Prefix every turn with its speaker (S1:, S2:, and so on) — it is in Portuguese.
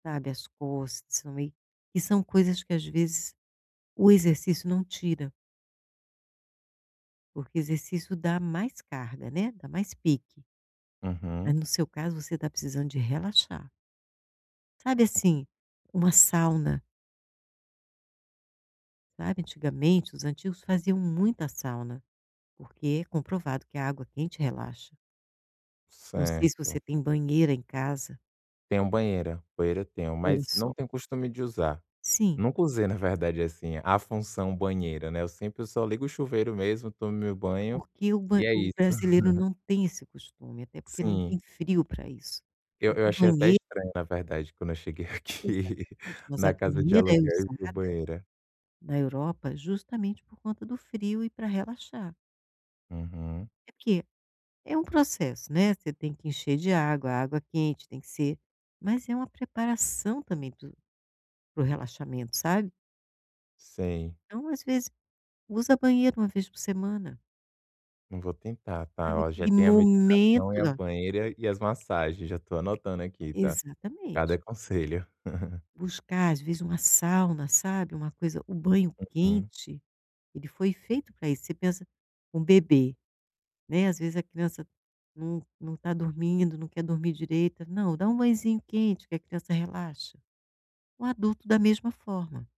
S1: Sabe, as costas, né, e são coisas que às vezes o exercício não tira. Porque exercício dá mais carga, né, dá mais pique. Ah,
S2: Aham.
S1: no seu caso, você tá precisando de relaxar. Sabe, assim, uma sauna. Sabe, antigamente os antigos faziam muita sauna, porque comprovado que a água quente relaxa. Não sei se você
S2: Certo.
S1: tem banheira em casa.
S2: Tenho banheira. Banheira, eu tenho,
S1: Olha,
S2: mas não
S1: só.
S2: tenho o costume de usar,
S1: Sim.
S2: nunca usei na verdade, assim a função banheira, né, eu sempre eu só ligo o chuveiro mesmo, tomo meu banho
S1: Porque o ban
S2: e é
S1: o
S2: isso.
S1: brasileiro não tem esse costume, até porque não
S2: Sim.
S1: tem frio pra isso,
S2: Eu
S1: mas
S2: eu
S1: a
S2: achei até
S1: banhe
S2: estranho na verdade quando eu cheguei aqui,
S1: Exatamente. Mas a
S2: na casa de
S1: banheira é
S2: aluguel e vi o
S1: usada
S2: banheira.
S1: na Europa justamente por conta do frio e pra relaxar.
S2: Uhum.
S1: É que é um processo, né, você tem que encher de água, a água quente tem que ser mas é uma preparação também para o, para o relaxamento, sabe?
S2: Sei.
S1: Então, às vezes, usa a banheira 1 vez por semana.
S2: Eu vou tentar, tá.
S1: Sabe
S2: Ó, já
S1: aquele
S2: tem a meditação e
S1: momento,
S2: a
S1: lá.
S2: banheira e e as massagens, já tô anotando aqui, tá?
S1: Exatamente.
S2: Cada conselho.
S1: Buscar, às vezes, uma sauna, sabe, uma coisa o banho
S2: Uhum.
S1: quente, ele foi feito pra isso, você pensa um bebê, né, às vezes, a criança não não tá dormindo, não quer dormir direito: "Não, dá um banhozinho quente que a criança relaxa". O adulto da mesma forma.